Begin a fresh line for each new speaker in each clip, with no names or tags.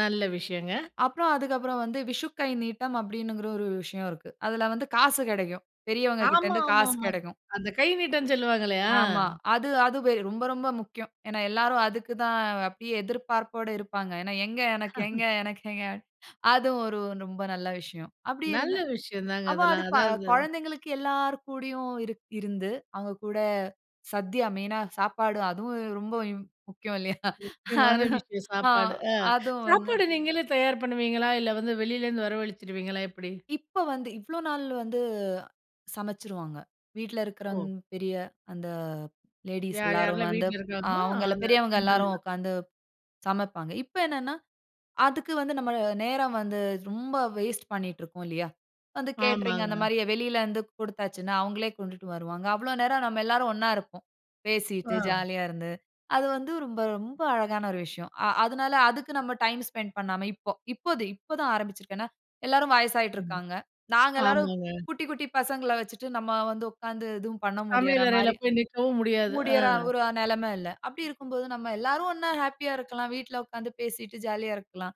நல்ல விஷயங்க.
அப்புறம் அதுக்கப்புறம் வந்து விஷுக்கை நீட்டம் அப்படிங்கிற ஒரு விஷயம் இருக்கு. அதில வந்து காசு கெடைக்கும். பெரியவங்ககிட்ட இருந்து காசு
ஆமாம்மாம்மா.
கெடைக்கும்.
அந்த கை நீட்டம்னு சொல்லுவாங்களே? ஆ.
ஆமா. அது, அது ரொம்ப ரொம்ப முக்கியம். ஏனா, எல்லாரும் அதுக்கு தான் அப்படியே எதிர்பார்ப்போட இருப்பாங்க. ஏனா, எங்க எனக்கு எங்க, எனக்கெங்க. அதுவும் ஒரு ரொம்ப நல்ல விஷயம். அப்படி இருந்த
நல்ல விஷயம் தாங்க,
அப்போ அது
அதெல்லாம் அதாவது
கொழந்தைங்களுக்கு எல்லார் கூடையும் இருந்து. அவங்க கூட சத்திய மெயினா சாப்பாடு, அதுவும் ரொம்ப ம் முக்கியம் இல்லையா?
முக்கியமான
அது
விஷயம்
ஆ
சாப்பாடு. ஆ
அதுவும் வந்து
சாப்பாடு நீங்களே தயார் பண்ணுவீங்களா? இல்ல, வந்து வெளியிலேருந்து வரவழிச்சுருவீங்களா எப்டி?
இப்ப வந்து இவ்வளோ நாள் வந்து சமச்சுருவாங்க. வீட்ல இருக்கிறங்
ஓ!
பெரிய அந்த லேடீஸ்
யார்,
எல்லாரும்
யார்லா
வந்து
வீட்ல இருக்காங்களோ,
அவங்கள
அந்த
பெரியவங்க
பெண்கள்.
எல்லாரும் உட்கார்ந்து சமப்பாங்க. இப்ப என்னனென்னா அதுக்கு வந்து, நம்ம நேரம் வந்து ரொம்ப வேஸ்ட் பண்ணீட்டு இருக்கோம் இல்லையா? வந்து கேட்டரிங் அந்த
ஆமாங்க.
மாரி வெளியில வந்து குடுத்தாச்சுன்னா அவங்களே கொண்டுட்டு வருவாங்க. அவ்வளோ நேரம் நம்ம எல்லாரும் ஒன்னா இருப்போம். பேசிட்டு
ஆ.
ஜாலியா இருந்து. அது வந்து ரொம்ப, ரொம்ப அழகான ஒரு விஷயம். அ அதனால அதுக்கு நம்ம டைம் ஸ்பெண்ட் பண்ணாம இப்போ, இப்போ, இப்போ தான் ஆரம்பிச்சுருக்கேன் ஏனா, எல்லாரும் வயசாகிட்டு
ம்.
இருக்காங்க. நாங்க எல்லாரும்
ஆமாங்க.
குட்டி, குட்டி பசங்கள வச்சுட்டு நம்ம வந்து உட்கார்ந்து எதுவும் பண்ண முடியிற
சமையலறையில
மாரி
போய் நிக்கவும் முடியாது. ஆ.
முடியற ஒரு நெலம இல்ல. அப்படி இருக்கும்போது நம்ம எல்லாரும் ஒன்னா ஹேப்பியா இருக்கலாம். வீட்ல உட்கார்ந்து பேசிட்டு ஜாலியா இருக்கலாம்.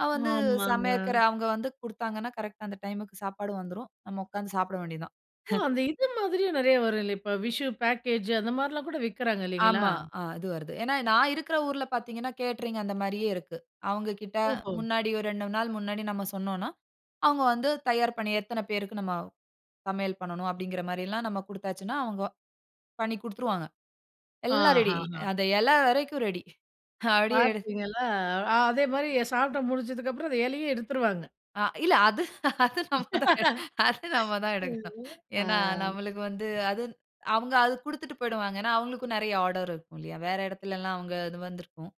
அது வந்து
ஆமாங்க.
சமைக்கிற அவங்க வந்து குடுத்தாங்கன்னா கரெக்ட்டா அந்த டைம்க்கு சாப்பாடு வந்துரும். நம்ம உட்கார்ந்து சாப்பிட வேண்டியது தான்.
ஓ! அந்த இது மாதிரியும் நெறைய வரும் இல்ல. இப்ப விஷு பேக்கேஜ் அந்த மாரிலாம் கூட விக்கிறாங்க இல்லைங்களா?
ஆமா. அது வருது. ஏனா, நான் இருக்கிற ஊர்ல பார்த்தீங்கனா, கேட்டரிங் அந்த மாரியே இருக்கு. அவங்ககிட்ட
ஓஹோ!
முன்னாடி ஒரு 2 நாள் முன்னாடி நம்ம சொன்னோம்னா, அவங்க வந்து தயார் பண்ணி எத்தன பேருக்கு நம்ம சமையல் பண்ணனும் அப்படிங்கிற மாரியெல்லாம் நம்ம குடுத்தாச்சுன்னா, அவங்க பண்ணிக் குடுத்துருவாங்க. எல்லா ரெடி
ஆஹஹா.
அந்த இலை வரைக்கும் ரெடி. ஹப்படியே எடு
பார்த்தீங்களா! அதே மாரி சாப்பிட்டு முடிஞ்சதுக்கப்புறம், அந்த இலையும் எடுத்துருவாங்க.
அ இல்ல. அது, அது நம்ம, அது நம்ம தான் எடுக்கணும்.
ஆ.
ஏனா, நம்மளுக்கு வந்து அது அவங்க அது குடுத்துட்டு போயிடுவாங்க ஏனா, அவங்களுக்கும் நெறைய ஆர்டர் இருக்கில்லையா? வேற இடத்துலல்லாம் அவங்க இது வந்திருக்கும்.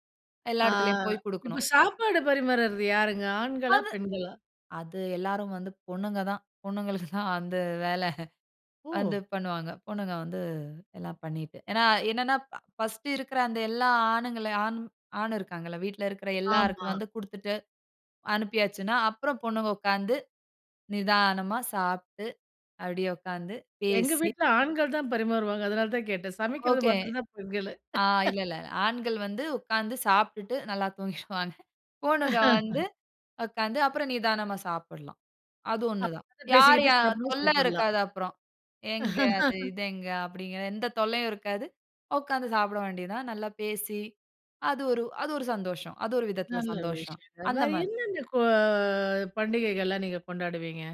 எல்லா
ஆ.
இடத்துலயும் போய்
இப்ப
குடுக்கணும்.
சாப்பாடு பரிமாறது யாருங்க ஆண்களா,
அது
பெண்களா?
அது எல்லாரும் வந்து பொண்ணுங்க தான் பொண்ணுங்களுக்கு தான் அந்த வேலை வந்து
ஓ!
பண்ணுவாங்க. பொண்ணுங்க வந்து எல்லாம் பண்ணிட்டு ஏனா, என்னன்னா ஃபர்ஸ்ட் இருக்கிற அந்த எல்லா ஆணுங்கள, ஆண் ஆண் இருக்காங்கல்ல வீட்டில இருக்கிற எல்லாருக்கும்
ஆமா.
வந்து குடுத்துட்டு அனுப்பியாச்சுன்னா, அப்புறம் பொண்ணுங்க உட்காந்து நிதானமா சாப்ட்டு. அப்படியே உட்காந்து
எங்க
பேசி
வீட்ல ஆண்கள் தான் பரிமாறுவாங்க. அதனால, தான் கேட்டேன். சமைக்கிறது
ஓகே
மாத்ற தான் பெண்களு.
ஆ இல்ல, இல்ல. ஆண்கள் வந்து உட்கார்ந்து சாப்பிட்டுட்டு நல்லா தூங்கிருவாங்க. பொண்ணுக வந்து உட்கார்ந்து அப்புறம் நிதானமா சாப்பிடலாம். அது ஒன்னு தான்.
அப்
யார்
பேசிக்கிட்டே
யார்
சாப்பிடணும்னா
தொல்ல
சாப்பிடலாம்.
இருக்காது அப்புறம். எங்க அது இது எங்க அப்படிங்கிற எந்த தொல்லையும் இருக்காது. உக்காந்து சாப்பிட வேண்டியது தான். நல்லா பேசி அது ஒரு, அது ஒரு சந்தோஷம். அது ஒரு விதத்தில
நல்ல
சந்தோஷம்,
விஷயங்க.
அந்த
வேற
மாரி.
என்னென்ன கோ பண்டிகைகள்லாம் நீங்க கொண்டாடுவீங்க?